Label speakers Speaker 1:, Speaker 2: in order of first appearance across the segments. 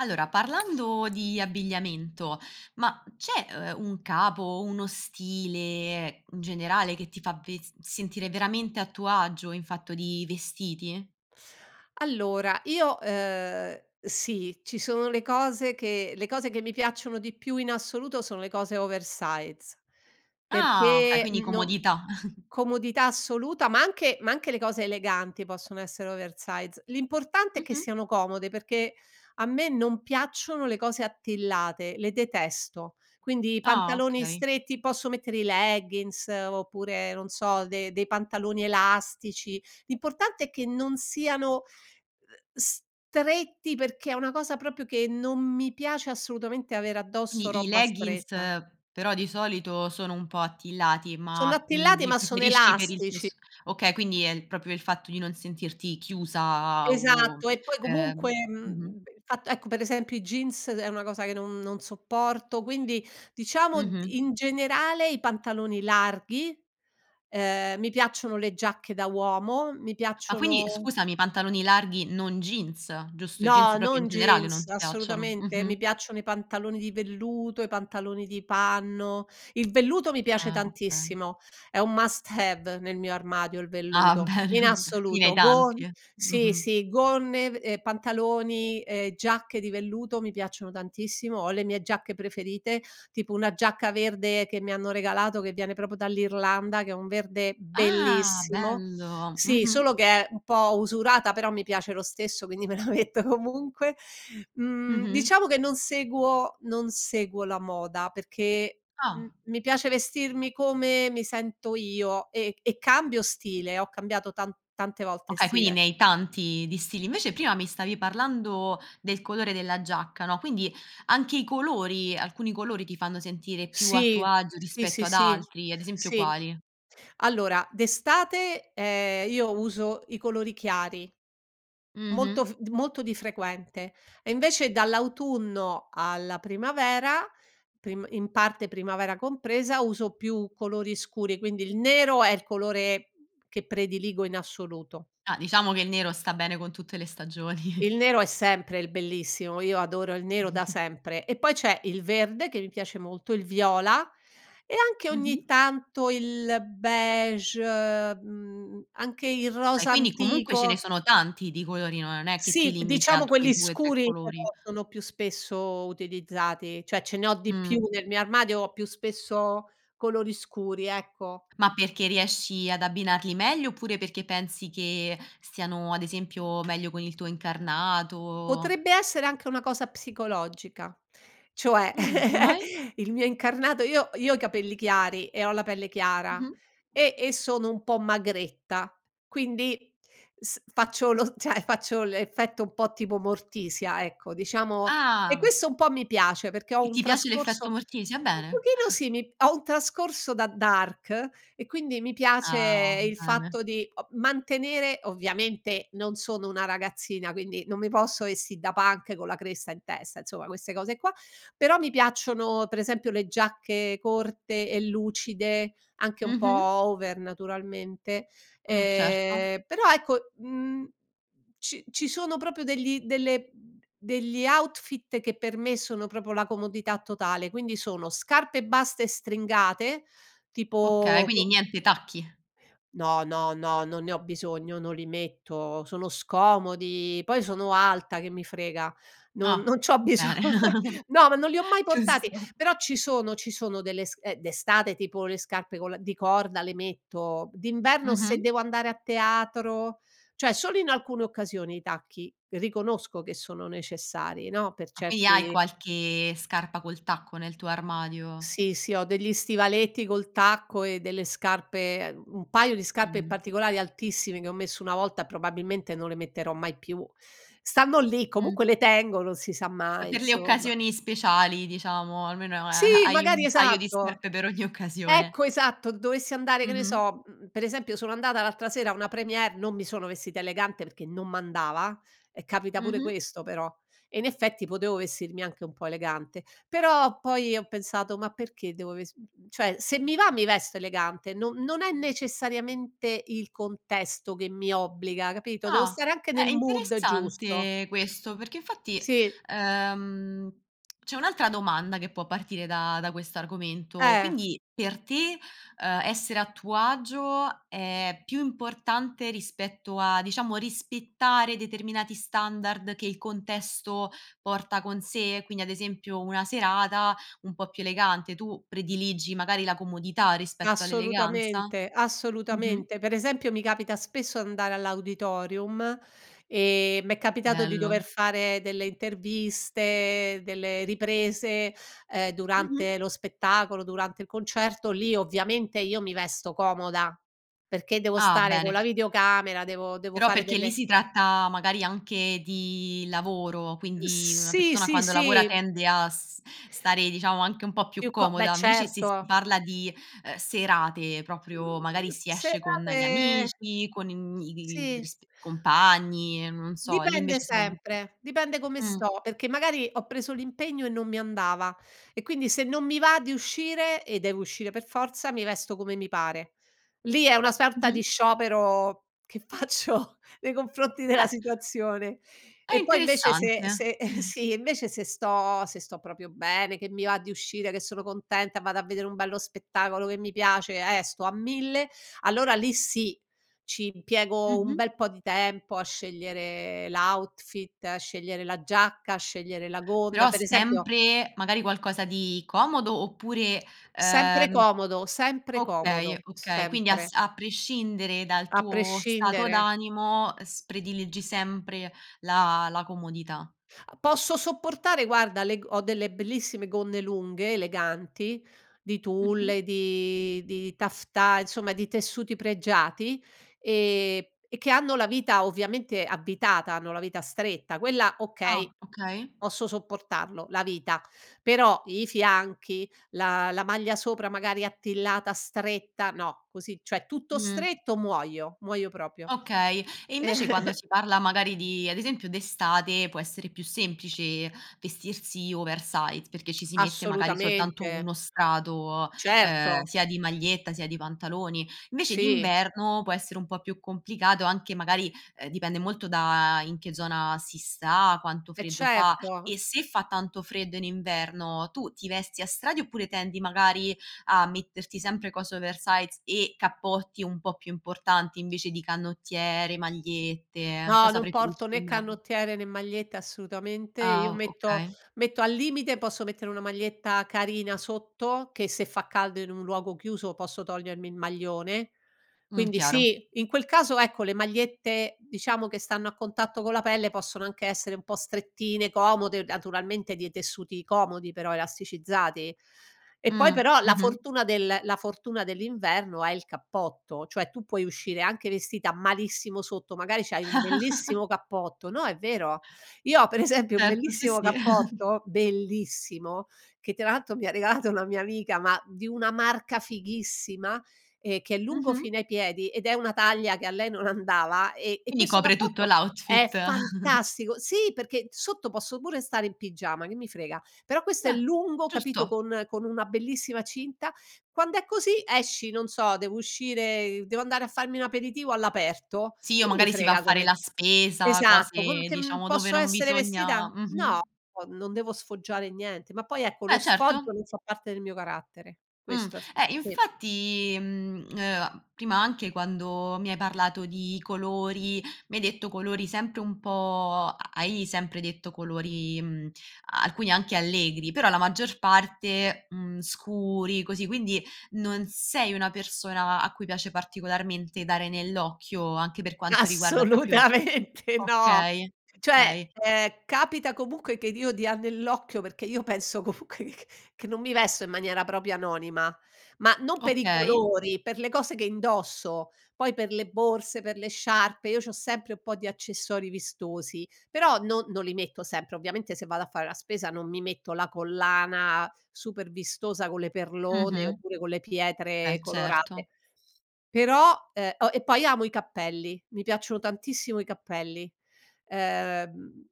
Speaker 1: Allora, parlando di abbigliamento, ma c'è, uhm, un capo o uno stile in generale che ti fa ves sentire veramente a tuo agio in fatto di vestiti?
Speaker 2: Allora, io ehm, sì, ci sono le cose che le cose che mi piacciono di più in assoluto sono le cose oversize
Speaker 1: Ah, okay,
Speaker 2: perché,
Speaker 1: quindi
Speaker 2: uhm, non
Speaker 1: comodità.
Speaker 2: comodità assoluta, ma anche ma anche le cose eleganti possono essere oversize, l'importante è che
Speaker 1: Mh-mh.
Speaker 2: siano comode, perché a me non piacciono le cose attillate, le detesto. Quindi i
Speaker 1: Ah
Speaker 2: pantaloni
Speaker 1: okay.
Speaker 2: stretti posso mettere i leggins oppure non so, de dei pantaloni elastici, l'importante è che non siano, uhm, stretti, perché è una cosa proprio che non mi piace assolutamente avere addosso
Speaker 1: Quindi i
Speaker 2: roba
Speaker 1: leggins
Speaker 2: stretta.
Speaker 1: però di solito sono un po' attillati,
Speaker 2: Sono
Speaker 1: ma, uhm,
Speaker 2: attillati
Speaker 1: li
Speaker 2: ma sono
Speaker 1: preferisci per il
Speaker 2: elastici.
Speaker 1: tessu okay, quindi è il proprio il fatto di non sentirti chiusa o
Speaker 2: Esatto, e poi
Speaker 1: ehm
Speaker 2: comunque,
Speaker 1: mh-mh.
Speaker 2: ehm, il fatto ecco per esempio i jeans, ed è una cosa che non non sopporto, quindi diciamo
Speaker 1: Mh-mh.
Speaker 2: in generale, i pantaloni larghi, ehm, mi piacciono le giacche da uomo, mi
Speaker 1: Ah, quindi,
Speaker 2: piacciono
Speaker 1: scusami, i pantaloni larghi non jeans, giusto, i jeans
Speaker 2: No,
Speaker 1: proprio in
Speaker 2: non
Speaker 1: generale non
Speaker 2: jeans,
Speaker 1: ti piacciono,
Speaker 2: assolutamente, mi
Speaker 1: mh-mh.
Speaker 2: piacciono i pantaloni di velluto, i pantaloni di panno, il velluto mi piace
Speaker 1: Ah, okay.
Speaker 2: tantissimo è un must have nel mio armadio il
Speaker 1: Ah
Speaker 2: velluto
Speaker 1: bene,
Speaker 2: in
Speaker 1: quindi ne hai
Speaker 2: assoluto, gon
Speaker 1: tanti,
Speaker 2: sì,
Speaker 1: mh-mh.
Speaker 2: sì gonne v ehm, pantaloni e giacche di velluto mi piacciono tantissimo, ho le mie giacche preferite, tipo una giacca verde che mi hanno regalato, che viene proprio dall'Irlanda, che è un verde
Speaker 1: Ah
Speaker 2: bellissimo;
Speaker 1: bello!
Speaker 2: sì
Speaker 1: Mh-mh.
Speaker 2: solo che è un po' usurata però mi piace lo stesso quindi me la metto comunque, mhmm,
Speaker 1: Mh-mh.
Speaker 2: diciamo che non seguo non seguo la moda perché m
Speaker 1: Ah.
Speaker 2: mi piace vestirmi come mi sento io, e e cambio stile, ho cambiato tan tante volte
Speaker 1: Okay, quindi
Speaker 2: stile.
Speaker 1: ne hai tanti di stili. Invece prima mi stavi parlando del colore della giacca, no, quindi anche i colori alcuni colori ti fanno sentire più a tuo
Speaker 2: Sì,
Speaker 1: agio
Speaker 2: sì,
Speaker 1: rispetto
Speaker 2: sì,
Speaker 1: ad
Speaker 2: sì,
Speaker 1: altri, ad esempio
Speaker 2: sì,
Speaker 1: quali?
Speaker 2: allora d'estate, ehm, io uso i colori chiari, molto
Speaker 1: Mh-mh.
Speaker 2: f molto di frequente, e invece dall'autunno alla primavera, prim in parte primavera compresa, uso più colori scuri, quindi il nero è il colore che prediligo in assoluto
Speaker 1: Ah, diciamo che il nero sta bene con tutte le stagioni.
Speaker 2: Il nero è sempre il bellissimo, io adoro il nero da sempre, e poi c'è il verde che mi piace molto, il viola, e anche ogni
Speaker 1: Mh-mh.
Speaker 2: tanto il beige, uhm, anche il
Speaker 1: E
Speaker 2: rosa
Speaker 1: quindi comunque ce ne
Speaker 2: antico
Speaker 1: sono tanti di colori, no, non è che ti
Speaker 2: Sì b
Speaker 1: limiti a
Speaker 2: diciamo
Speaker 1: quei
Speaker 2: quelli
Speaker 1: 2,3
Speaker 2: scuri, però,
Speaker 1: colori.
Speaker 2: sono più spesso utilizzati, cioè ce ne ho di più,
Speaker 1: Mh.
Speaker 2: nel mio armadio ho più spesso colori scuri, ecco.
Speaker 1: Ma perché riesci ad abbinarli meglio, oppure perché pensi che stiano, ad esempio, meglio con il tuo incarnato
Speaker 2: Potrebbe essere anche una cosa psicologica, cioè
Speaker 1: Mh, come mai?
Speaker 2: il mio incarnato io io ho i capelli chiari, e ho la pelle chiara,
Speaker 1: Mh-mh.
Speaker 2: e e sono un po' magretta quindi, s faccio lo cioè faccio l'effetto un po' tipo Morticia, ecco, diciamo e
Speaker 1: Ah.
Speaker 2: questo un po' mi piace, perché ho
Speaker 1: E
Speaker 2: un
Speaker 1: ti piace l'effetto
Speaker 2: trascorso
Speaker 1: Morticia?
Speaker 2: un
Speaker 1: Bene.
Speaker 2: pochino sì mi ho un trascorso da dark e quindi mi piace
Speaker 1: Ah,
Speaker 2: il
Speaker 1: va bene.
Speaker 2: fatto di o mantenere, ovviamente non sono una ragazzina, quindi non mi posso vestì da punk con la cresta in testa, insomma, queste cose qua; però mi piacciono, pre esempio le giacche corte e lucide, anche un po'
Speaker 1: Mh-mh.
Speaker 2: over naturalmente,
Speaker 1: Mh, certo.
Speaker 2: ehm, però ecco, mhmm, ci ci sono proprio degli delle degli outfit che per me sono proprio la comodità totale, quindi sono: scarpe basse stringate
Speaker 1: Okay,
Speaker 2: tipo
Speaker 1: quindi niente
Speaker 2: [unintelligible]
Speaker 1: tacchi?
Speaker 2: No, no, no, non ne ho bisogno, non li metto, sono scomodi, poi sono alta che mi frega, non
Speaker 1: Ah,
Speaker 2: non c'ho biso
Speaker 1: bene,
Speaker 2: no ma non li ho mai portati,
Speaker 1: giusto.
Speaker 2: però ci sono ci sono delle sc eh, d'estate tipo le scarpe con la di corda le metto, d'inverno se
Speaker 1: Mh-mh.
Speaker 2: devo andare a teatro cioè solo in alcune occasioni i tacchi, riconosco che sono necessari, no, per
Speaker 1: Ah, quindi hai
Speaker 2: certi
Speaker 1: qualche scarpa col tacco nel tuo armadio.
Speaker 2: Sì, sì ho degli stivaletti col tacco e delle scarpe, ehm, un paio di scarpe in
Speaker 1: Mh-mh.
Speaker 2: particolari altissime, che ho messo una volta e probabilmente non le metterò mai più. Stanno lì
Speaker 1: Mh.
Speaker 2: comunque le tengo non si sa
Speaker 1: È
Speaker 2: mai,
Speaker 1: per le
Speaker 2: insomma.
Speaker 1: occasioni speciali diciamo, almeno, ehm,
Speaker 2: Sì,
Speaker 1: hai
Speaker 2: magari
Speaker 1: un paio di
Speaker 2: esatto!
Speaker 1: scarpe per ogni occasione.
Speaker 2: Ecco, esatto dovessi andare che ne
Speaker 1: Mh-mh.
Speaker 2: so mhmm, per esempio sono andata l'altra sera a una première, non mi sono vestita elegante perché non m'andava, e capita pure
Speaker 1: Mh-mh.
Speaker 2: questo però, e in effetti potevo vestirmi anche un po' elegante, però poi ho pensato: "Ma perché devo vest" cioè, se mi va mi vesto elegante no non è necessariamente il contesto che mi obbliga, capito, devo
Speaker 1: Ah,
Speaker 2: stare anche
Speaker 1: è
Speaker 2: nel mood giusto.
Speaker 1: interessante questo, perché infatti,
Speaker 2: Sì.
Speaker 1: ehm, c'è un'altra domanda che può partire da da quest'argomento,
Speaker 2: Eh.
Speaker 1: quindi per te, ehm, essere a tuo agio è più importante rispetto a, diciamo, rispettare determinati standard che il contesto porta con sé: quindi ad esempio, una serata un po' più elegante, tu prediligi magari la comodità rispetto all'eleganza?
Speaker 2: Assolutamente,
Speaker 1: Mh-mh.
Speaker 2: assolutamente. Per esempio, mi capita spesso d'andare all'auditorium, e m'è capitato di dover
Speaker 1: Bello.
Speaker 2: fare delle interviste, delle riprese, ehm,
Speaker 1: Mh-mh.
Speaker 2: durante lo spettacolo, durante il concerto, lì ovviamente io mi vesto comoda, perché devo
Speaker 1: Ah
Speaker 2: stare co'
Speaker 1: bene.
Speaker 2: la videocamera, devo devo
Speaker 1: Però
Speaker 2: fare
Speaker 1: perché lì
Speaker 2: delle
Speaker 1: si tratta, magari anche di lavoro, quindi una
Speaker 2: Sì,
Speaker 1: persona
Speaker 2: sì,
Speaker 1: quando lavora
Speaker 2: sì.
Speaker 1: tende a s stare diciamo anche un po' più
Speaker 2: Più co beh
Speaker 1: comoda invece, se si
Speaker 2: certo.
Speaker 1: parla di, ehm, serate proprio,
Speaker 2: Mhmm,
Speaker 1: magari si esce con gli
Speaker 2: serate
Speaker 1: amici, con im i
Speaker 2: Sì.
Speaker 1: risp compagni, ehm, non so, lì
Speaker 2: Dipende
Speaker 1: invece siamo
Speaker 2: sempre, dipende come
Speaker 1: mh.
Speaker 2: sto, perché magari ho preso l'impegno e non mi andava, e quindi se non mi va di uscire, e devo uscire per forza, mi vesto come mi pare. Lì è una sorta di
Speaker 1: Mh-mh.
Speaker 2: sciopero che faccio nei confronti della
Speaker 1: Eh!
Speaker 2: situazione.
Speaker 1: È
Speaker 2: E poi invece, se
Speaker 1: interessante.
Speaker 2: se sì, invece se sto se sto proprio bene, che mi va di uscire, che sono contenta, vado a vedere un bello spettacolo che mi piace, e sto a mille, allora lì sì, ci impiego un
Speaker 1: Mh-mh.
Speaker 2: bel po' di tempo a scegliere l' outfit, a scegliere la giacca, a scegliere la gonna,
Speaker 1: Però
Speaker 2: per esempio
Speaker 1: sempre, magari, qualcosa di comodo oppure,
Speaker 2: Sempre
Speaker 1: ehm
Speaker 2: comodo, sempre
Speaker 1: okay,
Speaker 2: comodo,
Speaker 1: okay quindi
Speaker 2: sempre
Speaker 1: as a prescindere dal
Speaker 2: A
Speaker 1: tuo stato
Speaker 2: prescindere.
Speaker 1: d'animo, ehm, s prediligi sempre la la comodità.
Speaker 2: Posso sopportare, guarda, le g ho delle bellissime gonne lunghe, eleganti di
Speaker 1: Mh-mh.
Speaker 2: tulle, di di taffetà, insomma di tessuti pregiati, ehm, e che hanno la vita ovviamente avvitata, hanno la vita stretta, quella okay,
Speaker 1: Ah, okay.
Speaker 2: posso sopportarlo, la vita, però i fianchi la la maglia sopra magari attillata, stretta, no, così cioè tutto
Speaker 1: Mh.
Speaker 2: stretto muoio, muoio proprio.
Speaker 1: Okay, e invece quando si parla, magari, di ad esempio d'estate, può essere più semplice vestirsi oversize, perché ci si mette magari soltanto
Speaker 2: Assolutamente.
Speaker 1: 1 strato, ehm,
Speaker 2: Certo.
Speaker 1: sia di maglietta, sia di pantaloni; invece
Speaker 2: Sì.
Speaker 1: d'inverno, può essere un po' più complicato, anche magari, ehm, dipende molto da in che zona si sta, quanto
Speaker 2: Eh
Speaker 1: freddo fa;
Speaker 2: certo.
Speaker 1: e se fa tanto freddo in inverno, tu ti vesti a strati, oppure tendi, magari, a metterti sempre cose oversize e cappotti un po' più importanti, invece di canottiere, magliette,
Speaker 2: No,
Speaker 1: cosa
Speaker 2: non
Speaker 1: preferisci
Speaker 2: porto né
Speaker 1: d'inverno?
Speaker 2: canottiere, né magliette assolutamente. Io
Speaker 1: Ah
Speaker 2: metto
Speaker 1: okay.
Speaker 2: metto al limite posso mettere una maglietta carina sotto, che se fa caldo in un luogo chiuso posso togliermi il maglione,
Speaker 1: Mh,
Speaker 2: quindi
Speaker 1: chiaro.
Speaker 2: sì, in quel caso ecco le magliette diciamo che stanno a contatto con la pelle possono anche essere un po' strettine, comode, naturalmente dei tessuti comodi però, elasticizzati; e poi
Speaker 1: Mh,
Speaker 2: però la
Speaker 1: mh-mh.
Speaker 2: fortuna del la fortuna dell'inverno è il cappotto, cioè tu puoi uscire anche vestita malissimo sotto, magari c'hai un bellissimo cappotto no è vero, io ho per esempio un
Speaker 1: Certo, sì,
Speaker 2: bellissimo
Speaker 1: sì.
Speaker 2: cappotto, bellissimo, che tra l'altro mi ha regalato una mia amica, ma di una marca fighissima, e che è lungo
Speaker 1: Mh-mh.
Speaker 2: fino ai piedi, ed è una taglia che a lei non andava ehm, e
Speaker 1: Quindi
Speaker 2: questo
Speaker 1: copre tutto l'
Speaker 2: cappotto è
Speaker 1: outfit.
Speaker 2: fantastico sì perché sotto posso pure stare in pigiama che mi frega, però questo è
Speaker 1: Beh
Speaker 2: lungo, capito,
Speaker 1: giusto!
Speaker 2: con con una bellissima cinta. Quand'è così esci non so, devo uscire, ehm, devo andare a farmi un aperitivo all'aperto,
Speaker 1: Sì, o
Speaker 2: che mi
Speaker 1: magari si va a
Speaker 2: frega
Speaker 1: fare
Speaker 2: come
Speaker 1: la spesa,
Speaker 2: esatto, con
Speaker 1: cose
Speaker 2: che uhm,
Speaker 1: diciamo dove
Speaker 2: posso
Speaker 1: non
Speaker 2: essere vestita
Speaker 1: bisogna
Speaker 2: no
Speaker 1: mh-mh.
Speaker 2: o non devo sfoggiare niente. Ma poi ecco, lo
Speaker 1: Eh,
Speaker 2: sfoggio
Speaker 1: certo.
Speaker 2: non fa parte del mio carattere,
Speaker 1: Mh,
Speaker 2: questo è f
Speaker 1: eh,
Speaker 2: sì.
Speaker 1: infatti, mhmm, ehm, prima anche quando mi hai parlato di colori, mi hai detto colori sempre un po' hai sempre detto colori, mhmm, alcuni anche allegri, però la maggior parte, mhmm, scuri così, quindi non sei una persona a cui piace particolarmente dare nell'occhio, anche per quanto riguarda proprio
Speaker 2: Assolutamente no.
Speaker 1: okay,
Speaker 2: Cioè,
Speaker 1: okay.
Speaker 2: ehm, capita comunque che d io dia nell'occhio, perché io penso comunque c che non mi vesto in maniera proprio anonima. Ma non per i
Speaker 1: Okay.
Speaker 2: colori, per le cose che indosso, poi per le borse, per le sciarpe, io c'ho sempre un po' di accessori vistosi, però non non li metto sempre, ovviamente se vado a fare la spesa non mi metto la collana super vistosa con le perlone,
Speaker 1: Mh-mh.
Speaker 2: oppure con le
Speaker 1: Eh,
Speaker 2: pietre
Speaker 1: certo.
Speaker 2: colorate; però, ehm, o e poi amo i cappelli, mi piacciono tantissimo i cappelli, ehm,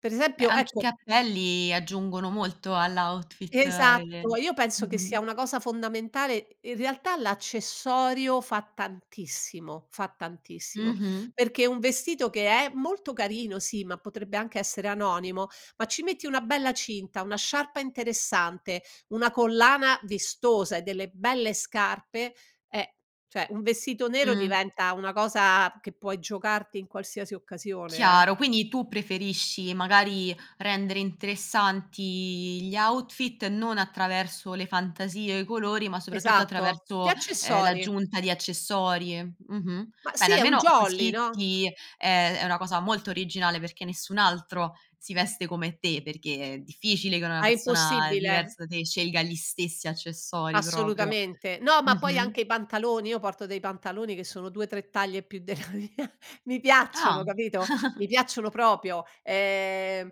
Speaker 2: per
Speaker 1: Beh,
Speaker 2: esempio,
Speaker 1: anche i
Speaker 2: ecco
Speaker 1: cappelli aggiungono molto all' outfit
Speaker 2: Esatto.
Speaker 1: e
Speaker 2: Io penso che sia
Speaker 1: mh-mh.
Speaker 2: una cosa fondamentale in realtà l'accessorio fa tantissimo, fa tantissimo.
Speaker 1: Mh-mh.
Speaker 2: Perché un vestito che è molto carino, sì, ma potrebbe anche essere anonimo ma ci metti una bella cinta, una sciarpa interessante, una collana vistosa e delle belle scarpe, eh, cioè un vestito nero,
Speaker 1: Mh.
Speaker 2: diventa una cosa che puoi giocarti in qualsiasi occasione, eh.
Speaker 1: Chiaro, quindi tu preferisci, magari, rendere interessanti i gli outfit non attraverso le fantasie, o i colori, ma soprattutto
Speaker 2: Esatto, gli
Speaker 1: attraverso, ehm,
Speaker 2: accessori.
Speaker 1: l'aggiunta di accessori. Mh-mh.
Speaker 2: Ma
Speaker 1: Bene,
Speaker 2: sì è un
Speaker 1: almeno
Speaker 2: jolly,
Speaker 1: così
Speaker 2: no?
Speaker 1: ti ehm, è una cosa molto originale, perché nessun altro si veste come te, perché è difficile che una
Speaker 2: È
Speaker 1: persona
Speaker 2: impossibile.
Speaker 1: diversa da te scelga gli stessi accessori proprio.
Speaker 2: Assolutamente. No, ma poi anche
Speaker 1: Mh-mh.
Speaker 2: i pantaloni, io porto dei pantaloni che sono 2, 3 taglie più della mia. Mi
Speaker 1: Ah.
Speaker 2: piacciono capito? Mi piacciono proprio, ehm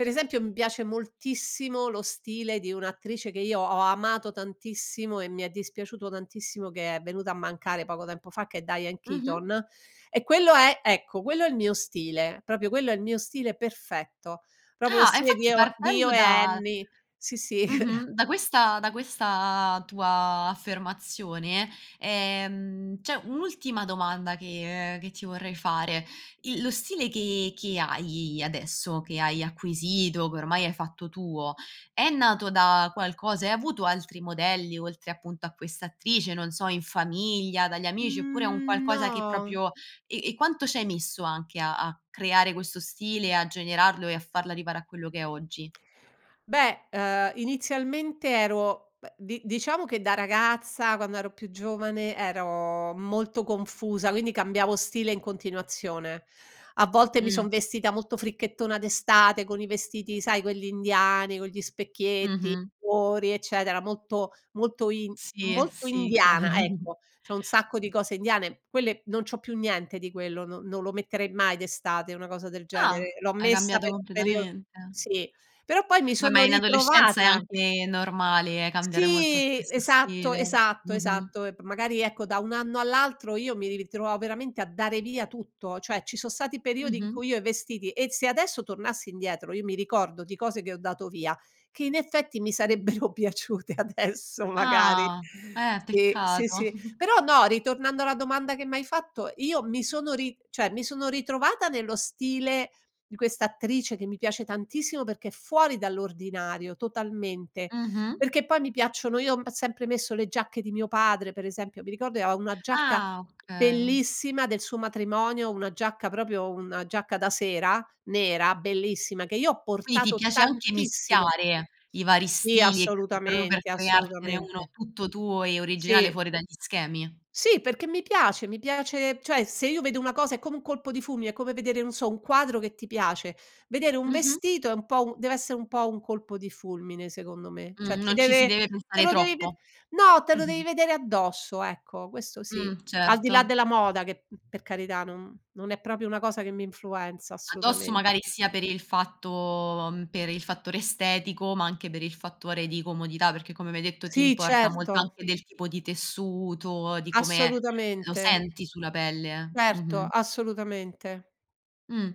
Speaker 2: per esempio mi piace moltissimo lo stile di un'attrice, che io ho amato tantissimo, e mi è dispiaciuto tantissimo che è venuta a mancare poco tempo fa, che è Diane
Speaker 1: Mh-mh.
Speaker 2: Keaton, e quello è ecco, quello è il mio stile, proprio quello è il mio stile perfetto, proprio lo
Speaker 1: Ah, e
Speaker 2: stile di
Speaker 1: infatti
Speaker 2: eo di
Speaker 1: partendo
Speaker 2: "Io e
Speaker 1: da
Speaker 2: Annie", sì, sì.
Speaker 1: Mh-mh, da questa da questa tua affermazione, ehm, c'è un'ultima domanda che che ti vorrei fare: il lo stile che che hai adesso, che hai acquisito, che ormai hai fatto tuo, è nato da qualcosa, hai avuto altri modelli, oltre appunto a questa attrice, non so, in famiglia, dagli amici, oppure è un
Speaker 2: Mhmm,
Speaker 1: qualcosa che
Speaker 2: no.
Speaker 1: proprio e e quanto ci hai messo anche a a creare questo stile, e a generarlo, e a farla arrivare a quello che è oggi?
Speaker 2: Beh, ehm, inizialmente ero beh, di diciamo che da ragazza, quando ero più giovane, ero molto confusa, quindi cambiavo stile in continuazione. A volte mi
Speaker 1: Mh.
Speaker 2: son vestita molto fricchettona d'estate, con i vestiti sai, quelli indiani, con gli specchietti,
Speaker 1: Mh-mh.
Speaker 2: cuori, eccetera, molto molto in
Speaker 1: Sì,
Speaker 2: molto
Speaker 1: sì
Speaker 2: indiana
Speaker 1: chiaro.
Speaker 2: ecco, c'ho un sacco di cose indiane. Quelle non c'ho più niente di quello, non non lo metterei mai d'estate una cosa del
Speaker 1: Ah,
Speaker 2: genere, l'ho
Speaker 1: hai
Speaker 2: messa
Speaker 1: cambiato
Speaker 2: per un periodo
Speaker 1: completamente.
Speaker 2: sì, però poi mi
Speaker 1: Ma ma
Speaker 2: sono
Speaker 1: in adolescenza è
Speaker 2: ritrovata.
Speaker 1: anche normale, cambiare molto
Speaker 2: Sì
Speaker 1: spesso
Speaker 2: esatto,
Speaker 1: stile,
Speaker 2: esatto,
Speaker 1: mh-mh.
Speaker 2: esatto, e p magari ecco, da un anno all'altro, io mi ritrovavo veramente a dare via tutto, cioè ci son stati periodi in
Speaker 1: Mh-mh.
Speaker 2: cui io i vestiti e se adesso tornassi indietro, io mi ricordo di cose che ho dato via, che in effetti mi sarebbero piaciute adesso, magari.
Speaker 1: Ah, eh
Speaker 2: Sì, sì,
Speaker 1: peccato.
Speaker 2: sì, però no, ritornando alla domanda che m'hai fatto, io mi sono ri cioè, mi sono ritrovata nello stile di questa attrice, che mi piace tantissimo, perché è fuori dall'ordinario totalmente,
Speaker 1: Mh-mh.
Speaker 2: perché poi mi piacciono io ho sempre messo le giacche di mio padre, per esempio mi ricordo che aveva una giacca
Speaker 1: Ah, okay.
Speaker 2: bellissima, del suo matrimonio, una giacca proprio una giacca da sera nera, bellissima, che io ho
Speaker 1: Quindi ti
Speaker 2: portato
Speaker 1: piace anche
Speaker 2: tantissimo
Speaker 1: mischiare, i vari
Speaker 2: sì
Speaker 1: stili, proprio per
Speaker 2: assolutamente,
Speaker 1: creartene uno
Speaker 2: assolutamente.
Speaker 1: tutto tuo, e originale
Speaker 2: Sì.
Speaker 1: fuori dagli schemi?
Speaker 2: Sì, perché mi piace, mi piace cioè se io vedo una cosa, è come un colpo di fulmine, è come vedere, non so, un quadro che ti piace. Vedere un
Speaker 1: Mh-mh.
Speaker 2: vestito è un po' un dev'essè un po' un colpo di fulmine secondo me. Cioè
Speaker 1: Mh,
Speaker 2: ti
Speaker 1: non ci si
Speaker 2: deve
Speaker 1: deve
Speaker 2: te
Speaker 1: pensare
Speaker 2: lo devi ved
Speaker 1: troppo.
Speaker 2: no, te lo devi vedere addosso, ecco questo sì.
Speaker 1: Mh,
Speaker 2: Al di là
Speaker 1: certo.
Speaker 2: della moda, che, mhmm, per carità, non non è proprio una cosa che mi influenza
Speaker 1: Addosso
Speaker 2: assolutamente.
Speaker 1: magari, sia per il fatto uhm, per il fattore estetico, ma anche per il fattore di comodità, perché come mi hai detto ti
Speaker 2: Sì
Speaker 1: importa molto
Speaker 2: certo.
Speaker 1: anche del tipo di tessuto, di come, eh, lo
Speaker 2: Assolutamente.
Speaker 1: senti sulla pelle eh,
Speaker 2: Certo,
Speaker 1: mh-mh.
Speaker 2: assolutamente.
Speaker 1: Mh,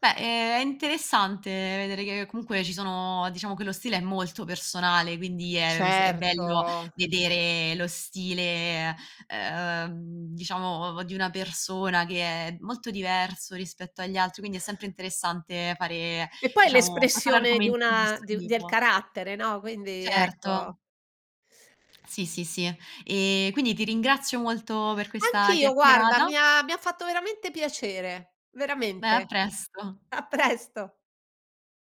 Speaker 1: beh, ehm, è interessante vedere che, comunque ci sono diciamo che lo stile è molto personale, quindi è vs è bello
Speaker 2: Certo.
Speaker 1: vedere lo stile, ehm, diciamo ov di una persona che è molto diverso rispetto agli altri, quindi è sempre interessante fare,
Speaker 2: E poi
Speaker 1: diciamo, fa fare
Speaker 2: l'espressione di
Speaker 1: argomenti di
Speaker 2: una
Speaker 1: questo
Speaker 2: di un del
Speaker 1: tipo.
Speaker 2: carattere no, quindi
Speaker 1: Certo.
Speaker 2: ecco.
Speaker 1: Sì, sì, sì, eh, e quindi ti ringrazio molto per questa
Speaker 2: Anch'io guarda,
Speaker 1: chiacchierata
Speaker 2: mi ha mi ha fatto veramente piacere,
Speaker 1: Beh a
Speaker 2: veramente,
Speaker 1: presto.
Speaker 2: a presto.